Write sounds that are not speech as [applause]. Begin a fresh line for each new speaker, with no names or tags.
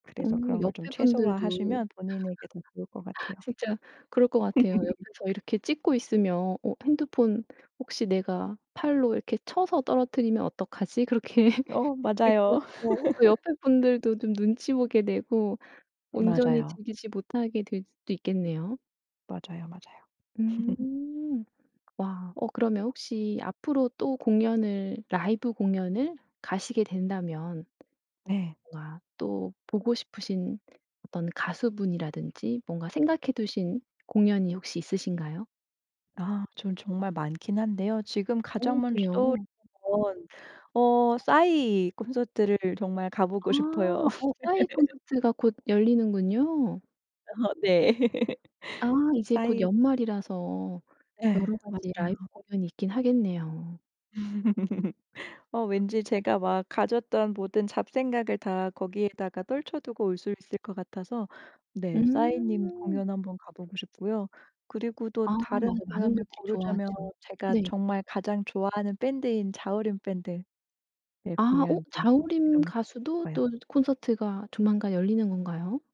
어
그래서 그런 걸 좀
옆에
최소화
분들도
하시면 본인에게 더 좋을 것 같아요.
진짜 그럴 거 같아요.
[laughs]
옆에서 이렇게 찍고 있으면 '어 핸드폰 혹시 내가 팔로 이렇게 쳐서 떨어뜨리면 어떡하지?' 그렇게
어
[laughs] [unintelligible]
맞아요.
어 또 옆에
[laughs]
분들도 좀 눈치 보게 되고 온전히
맞아요.
즐기지 못하게 될 수도 있겠네요.
맞아요, 맞아요. [laughs]
음. 와 어 그러면 혹시 앞으로 또 공연을 라이브 공연을 가시게 된다면
네.
뭔가 또 보고 싶으신 어떤 가수분이라든지 뭔가 생각해 두신 공연이 혹시 있으신가요?
아 저는 정말 많기는 한데요. 지금 가장
오
먼저 떠오르는
그래요?
건 어 싸이 콘서트를 정말 가 보고 싶어요.
아 어 싸이
[laughs]
콘서트가 곧 열리는군요.
어 네. [laughs]
아 이제 곧
싸이
연말이라서
예.
여러 가지 라이브
맞아요.
공연이 있기는 하겠네요.
[laughs] 어 왠지 제가 막 가졌던 모든 잡생각을 다 거기에다가 떨쳐 두고 올 수 있을 것 같아서 네 싸이님
음.
공연 한번 가보고 싶고요. 그리고 또
아 맞아
다른
많은
공연을
분들이
고르자면
좋아하죠.
제가
네.
정말 가장 좋아하는 밴드인 자우림 밴드 네
아 어
공연도
자우림
너무 가보고
가수도
싶어요.
또 콘서트가 조만간 열리는 건가요?